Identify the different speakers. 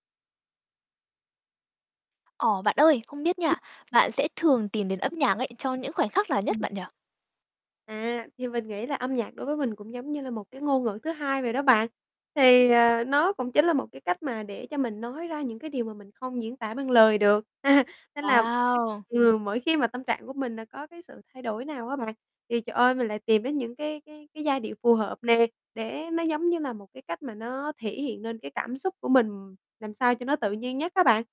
Speaker 1: Ồ, bạn ơi, không biết nha, bạn sẽ thường tìm đến âm nhạc ấy cho những khoảnh khắc nào nhất
Speaker 2: Ừm.
Speaker 1: bạn nhỉ?
Speaker 2: À, thì mình nghĩ là âm nhạc đối với mình cũng giống như là một cái ngôn ngữ thứ hai vậy đó bạn. Thì, à, nó cũng chính là một cái cách mà để cho mình nói ra những cái điều mà mình không diễn tả bằng lời được. Nên là mỗi,
Speaker 1: Wow.
Speaker 2: ừm, mỗi khi mà tâm trạng của mình là có cái sự thay đổi nào á bạn, thì, trời ơi, mình lại tìm đến những cái cái cái giai điệu phù hợp nề, để nó giống như là một cái cách mà nó thể hiện nên cái cảm xúc của mình làm sao cho nó tự nhiên nhất á bạn.